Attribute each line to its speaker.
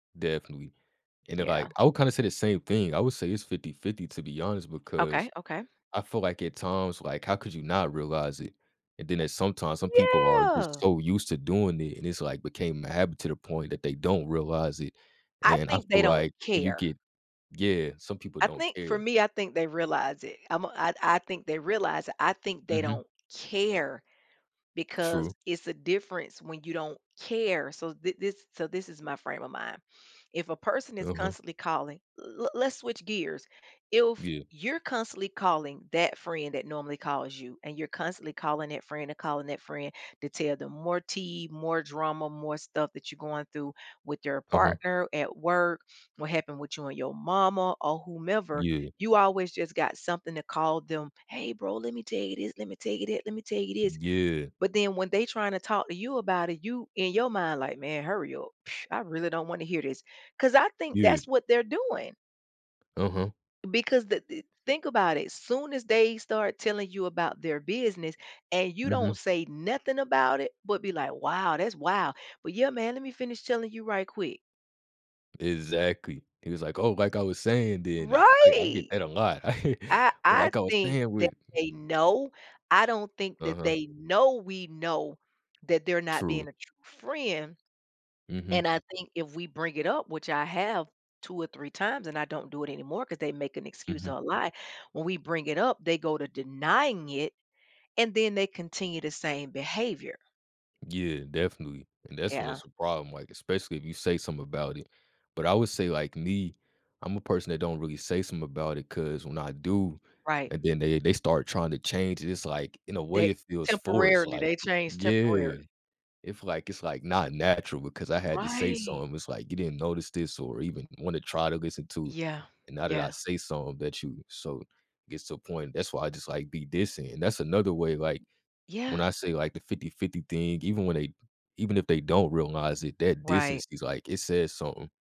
Speaker 1: Definitely. And then,
Speaker 2: Yeah.
Speaker 1: like, I would kinda say the same thing, I would say it's 50-50, to be honest, because
Speaker 2: Okay, okay.
Speaker 1: I feel like at times, like, how could you not realize it? And then at sometimes, some people are just
Speaker 2: Yeah.
Speaker 1: so used to doing it, and it's, like, became a habit to the point that they don't realize it,
Speaker 2: I
Speaker 1: and I
Speaker 2: think they
Speaker 1: feel
Speaker 2: don't
Speaker 1: like you
Speaker 2: care.
Speaker 1: get yeah, some people
Speaker 2: I
Speaker 1: don't
Speaker 2: think for
Speaker 1: care.
Speaker 2: me, I think they realize it, I'm a I I think they realize it, I think they
Speaker 1: Mhm.
Speaker 2: don't care because
Speaker 1: True.
Speaker 2: it's a difference when you don't care, so thi this so this is my frame of mind, if a person is
Speaker 1: Uh-huh.
Speaker 2: constantly calling le let's switch gears, if
Speaker 1: Yeah.
Speaker 2: you're constantly calling that friend that normally calls you and you're constantly calling that friend and calling that friend to tell them more tea, more drama, more stuff that you're going through with your
Speaker 1: Uh-huh.
Speaker 2: partner, at work, what happened with you and your mama or whomever,
Speaker 1: Yeah.
Speaker 2: you always just got something to call them, "Hey, bro, let me tell you this, let me tell you this, let me tell you this,"
Speaker 1: Yeah.
Speaker 2: but then when they tryna talk to you about it, you in your mind, like, "Man, hurry up, pfft, I really don't wanna hear this," 'cause I think
Speaker 1: Yeah.
Speaker 2: that's what they're doing.
Speaker 1: Uh-huh.
Speaker 2: Because the the think about it, as soon as they start telling you about their business and you
Speaker 1: Mhm.
Speaker 2: don't say nothing about it, but be like, "Wow, that's wow." But, "Yeah, man, let me finish telling you right quick."
Speaker 1: Exactly, he was like, "Oh, like I was saying then," I I I get
Speaker 2: Right,
Speaker 1: that a lot.
Speaker 2: I I
Speaker 1: Like I was
Speaker 2: think
Speaker 1: saying
Speaker 2: that
Speaker 1: with
Speaker 2: they know, I don't think that
Speaker 1: Uh-huh.
Speaker 2: they know we know that they're not
Speaker 1: True.
Speaker 2: being a true friend,
Speaker 1: Mhm.
Speaker 2: and I think if we bring it up, which I have 2 or 3 times and I don't do it anymore 'cause they make an excuse
Speaker 1: Mhm.
Speaker 2: or a lie, when we bring it up, they go to denying it and then they continue the same behavior.
Speaker 1: Yeah, definitely, and that's when
Speaker 2: Yeah.
Speaker 1: it's a problem, like, especially if you say something about it, but I would say like me, I'm a person that don't really say some about it 'cause when I do,
Speaker 2: Right.
Speaker 1: and then they they start tryna change it, it's like, in a
Speaker 2: They
Speaker 1: way, it feels forced,
Speaker 2: temporarily,
Speaker 1: like
Speaker 2: they change
Speaker 1: yeah.
Speaker 2: temporarily.
Speaker 1: If like it's like not natural because I had to say
Speaker 2: Right.
Speaker 1: something, it's like, you didn't notice this or even wanna try to listen to
Speaker 2: Yeah.
Speaker 1: and now that I
Speaker 2: Yeah.
Speaker 1: say something that you so gets to a point, that's why I just like be distant, and that's another way, like, when
Speaker 2: Yeah.
Speaker 1: I say like the 50-50 thing, even when they even if they don't realize it, that
Speaker 2: Right.
Speaker 1: distance is like, it says something.